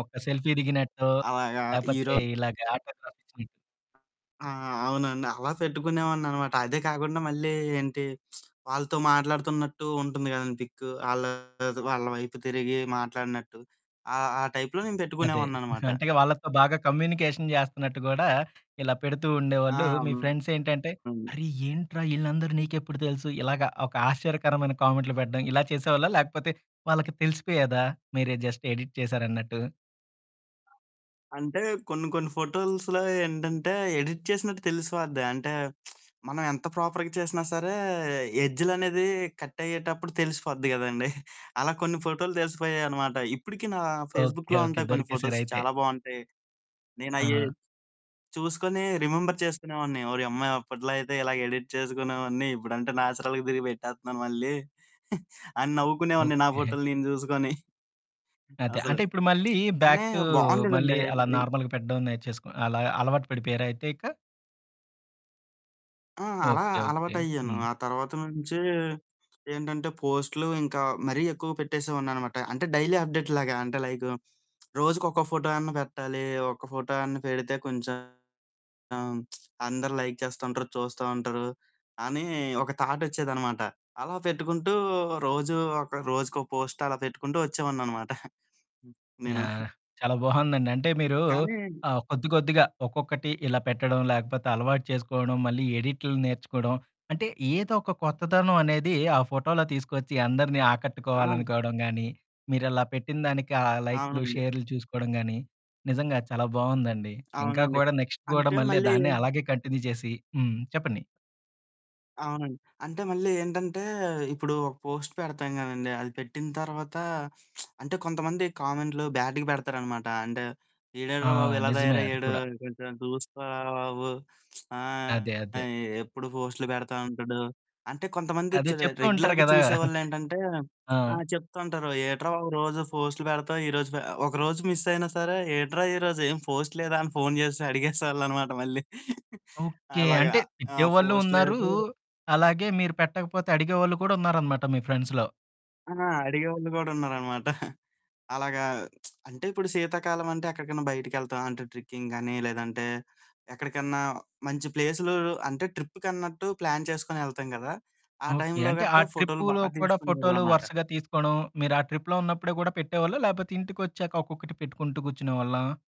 Okay. Selfie దిగినట్టో, అలాగా లేపోతే ఈరో ఇలాగ ఆటోగ్రాఫిచ్చినట్టు. ఆ! అవునండి. అలా పెట్టుకునేవాడిననమాట. అదే కాకుండా, మళ్ళీ ఏంటి, వాళ్ళతో మాట్లాడుతున్నట్టు ఉంటుంది గదండీ పిక్కు. ఆళ్ళతో, వాళ్ళ వైపు తిరిగీ మాట్లాడినట్టు, ఆ ఆ టైప్‌లో నేను అదే. పెట్టుకునేవాడిననమాట. అంటే, ఇగ వాళ్ళతో బాగా కమ్యూనికేషన్ జేస్తన్నట్టు గూడా ఇలా పెడుతూ ఆ! ఉండేవాళ్ళు, మీ అవును. ఫ్రెండ్సేంటంటే, "అరె! ఏంట్రా ఈళ్ళందరూ నీకెప్పుడు తెలుసు?" ఇలాగా ఒక ఆశ్చర్యకరమైన కామెంట్లు పెట్టడం, ఇలా చేసేవాళ్ళా? లేకపోతే, వాళ్ళకి తెలిసిపోయేదా? మీరే జస్ట్ ఎడిట్ చేశారన్నట్టు. ఆ! అంటే, కొన్ని కొన్ని ఫోటోల్స్‌లో ఏంటంటే, ఎడిట్ చేసినట్టు తెలిసిపోద్ది. అంటే, మనం ఎంత ప్రొపర్‌గా చేసినా సరే, ఎడ్జులనేదీ, కట్టయ్యేటప్పుడు తెలిసిపోద్ది గదండీ! అలా కొన్ని ఫోటోలు తెలిసిపోయాయనమాట. ఇప్పుడికీ నా ఓకే. ఫేస్‌బుక్‌లో ఓకే. ఉంటాయి కొన్ని ఫోటోస్, దొరికేశారయితే. చాలా బావుంటాయి. నేనయ్యీ ఆ! చూసుకొని రిమెంబర్ చేసుకొనేవాడిని, ఓరియమ్మా! అప్పట్లో అయితే, ఇలాగ ఎడిట్ చేసుకునేవాడిని. ఇప్పుడంటే నాచురల్‌గా తిరిగి పెట్టేత్తన్నాను మళ్ళీ, అని నవ్వుకునేవాడిని, ఓకే. నా ఫోటోలు నేను జూసుకోని. హ్మ్. అదే. అసలు. అంటే, ఇప్పుడు మళ్ళీ బ్యాక్ కానీ టూ మళ్ళీ బావుండేదండీ. అలా ని నార్మల్‌గా పెట్టడం నేర్చేసుకొ అలా అలవాటు పడిపోయారయితే ఇక? ఆ! అలా ఓకే. ఓకే. అలవాటయ్యాను. హ్మ్. ఆ తర్వాత నుంచీ ఏంటంటే, పోస్టులు ఇంకా మరీ ఎక్కువగా పెట్టేసేవాడిననమాట, అంటే, డైలీ అప్డేట్‌లాగా అంటే, లైకు రోజుకొక ఫోటో అన్నా పెట్టాలి, ఒక్క ఫోటో అన్నా పెడితే కొంచెం అందరు లైక్ చేస్తుంటరు, చూస్తా ఉంటరు, అనీ ఒక థాటొచ్చేదనమాట. అలా పెట్టుకుంటూ, రోజూ ఒక రోజుకో పోస్ట్ అలా పెట్టుకుంటూ ఒచ్చేవాడిననమాట. హ్మ్. నేను. యాహ్! చాలా బావుందండి. అంటే, మీరూ కానీ ఆహ్, కొద్ది కొద్దిగా ఒక్కొక్కటి ఇలా పెట్టడం, లేకపోతే అలవాటు చేసుకోడం, మళ్ళీ ఎడిట్లు నేర్చుకోడం, అంటే, ఏదొక కొత్తదనం అనేదీ ఆ ఫోటోలో తీసుకొచ్చి, అందరిని అవును. ఆకట్టుకోవాలనుకోడం గానీ, మీరలా పెట్టిన దానికి ఆ లైక్లు, అవునండి. షేర్లు చూసుకోడం గానీ, నిజంగా చాలా బావుందండి. ఇంకా అవునండి. కూడా, నెక్స్ట్ గూడా, అంటే మళ్ళీ మళ్ళీ దాన్నే అలాగే కంటిన్యూ జేసి హ్మ్. చెప్పండి. అవునండి. అంటే మళ్ళీ ఏంటంటే, ఇప్పుడు ఒక పోస్ట్ పెడతాం గదండి, అది పెట్టిన తర్వాతా అంటే కొంతమంది కామెంట్లు బ్యాడ్డుగ పెడతారనమాట. అంటే, ఆ! ఈడేంట్రా బాబు, ఇలా నిజమే అది తయారయ్యాడు, కూడా. కొంచెం చూసుకోరా బాబు, ఆహ్ అదే. ఎ అదే. ఎప్పుడు పోస్టులు పెడతా ఉంటడు, అంటే, కొంతమంది చ్ అదే చెప్తూ ఉంటారు రెగ్యులర్‌గా గదా! చూసేవాళ్ళేంటంటే ఆ! ఆ! చెప్తా ఉంటారు, "ఏట్రా బాబు రోజూ ఫోస్ట్‌లు పెడతావు, ఈరోజు పె" ఒకరోజు మిస్సయినా సరే, "ఏట్రా ఈరోజు ఏం పోస్ట్ లేదా?" అని ఫోను చేసి అడిగేసేవాళ్ళనమాట మళ్ళీ. ఓకే. అలాగా. అంటే, ఆ! తిట్టే వాళ్ళు పోస్ట్ ఉన్నారూ, లేదు అలాగే మీరు పెట్టకపోతే, అడిగే వాళ్ళు కూడా ఉన్నారనమాట, మీ ఫ్రెండ్స్‌లో. ఆ! అడిగేవాళ్ళు గూడున్నారనమాట. అలాగా అంటే, ఇప్పుడు శీతాకాలమంటే, ఎక్కడికన్నా బయటికెళ్తాం అంటే, ట్రిక్కింగ్ గానీ, లేదంటే ఎక్కడికన్నా మంచి ప్లేసులూ అంటే, ట్రిప్పుకన్నట్టు ప్లాన్ చేసుకొనెళ్తాం గదా! ఆ ఓకే. టైంలో అంటే, ఆ గట్టా ఫోటోలు బా ట్రిప్పూలో కూడా, ఫోటోలు తీసుకునేవాళ్ళనమాట. వరసగా తీసుకోడం మీరు ఆ ట్రిప్‌లో ఉన్నప్పుడే గూడా పెట్టేవాళ్ళా, లేపోతే ఇంటికొచ్చాక ఒక్కొక్కటి పెట్టుకుంటూ కూర్చునేవాళ్ళా?